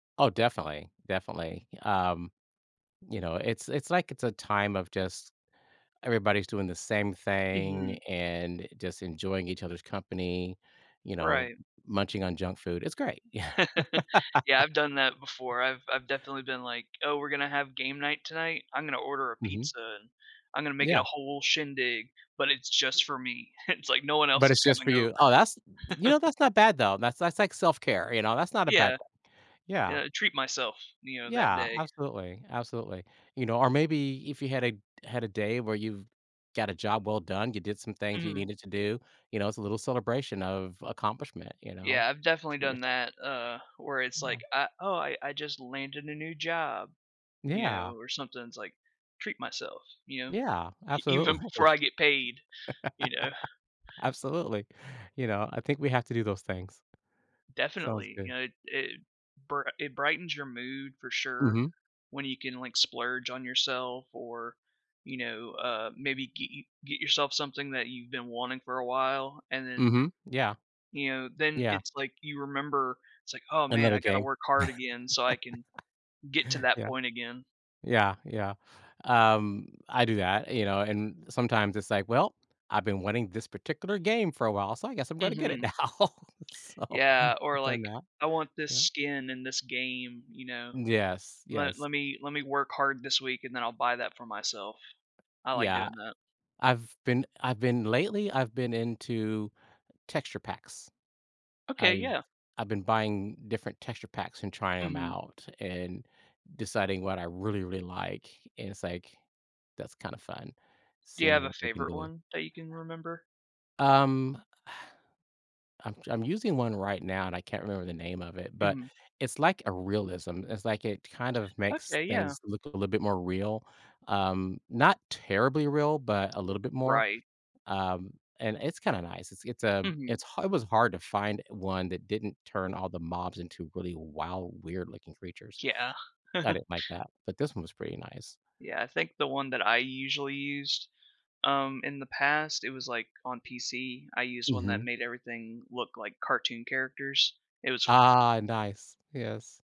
Oh, definitely, definitely. Y um, you know, it's it's like it's a time of just everybody's doing the same thing Mhm. and just enjoying each other's company, you know, Right. munching on junk food. It's great. Yeah. Yeah. I've done that before. I've I've definitely been like, "Oh, we're gonna have game night tonight. I'm gonna order a Mhm. pizza, and I'm gonna make it a Yeah. whole shindig," but it's M just for me. It's like no one else But is it's just for coming you. over. Oh, that's you know, that's not bad though, that's that's like self-care, you know, that's not a bad Yeah. thing. And Yeah. I treat myself, you know, that Yeah, day. absolutely, absolutely. You know, or maybe if you had a had a day where you've got a job well done, you did some things you Mhm. needed to do, you know, it's a little celebration of accomplishment, you know? Yeah. I've definitely Treat done yourself. that, uh, where it's like, Yeah. "Ah, oh, I I just landed a new job," you Yeah. know, or something it's, like, "Treat myself," you know? Yeah, E absolutely. even before I get paid, you know? Absolutely. You know, I think we have to do those things. Sounds Definitely. You good. know, it it bri it brightens your mood for sure Mhm. when you can, like, splurge on yourself or, you know, uh, maybe get y get yourself something that you've been wanting for a while and then, Mhm. Yeah. you know, then Yeah. it's like you remember it's, like, "Oh, man. I Another gotta game? work hard again so I can get to that Yeah. point again." Yeah, yeah. Um. I do that, you know, and sometimes it's like, "Well, I've been wanting this particular game for a while so I guess I'm gonna get it Mhm. now." So, Yeah. Or, I've done like, that. "I want this Yeah. skin in this game," you know? Yes, "Le yes. let me let me work hard this week, and then I'll buy that for myself." I like Yeah. doing that. I've been I've been lately I've been into texture packs. Okay, I've yeah. I've been buying different texture packs and trying 'em Mhm. out and deciding what I really, really like and it's like, that's kind of fun Do you have seeing a what we can favorite do. one that you can remember? Um. I'm ju I'm using one right now and I can't remember the name of it, but Mhm. it's like a realism, it's like it kind of makes Okay. Yeah. things look a little bit more real, um, not terribly real, but a little bit more. Right. Um, and it's kinda nice. It's it's a Mhm. it's ha it was hard to find one that didn't turn all the mobs into really wild, weird looking creatures. Yeah. I didn't like that. But this one was pretty nice. Yeah. I think the one that I usually used, um, in the past, it was, like, on PC. I used one that Mhm. made everything look like cartoon characters. It was Ah, nice. Yes.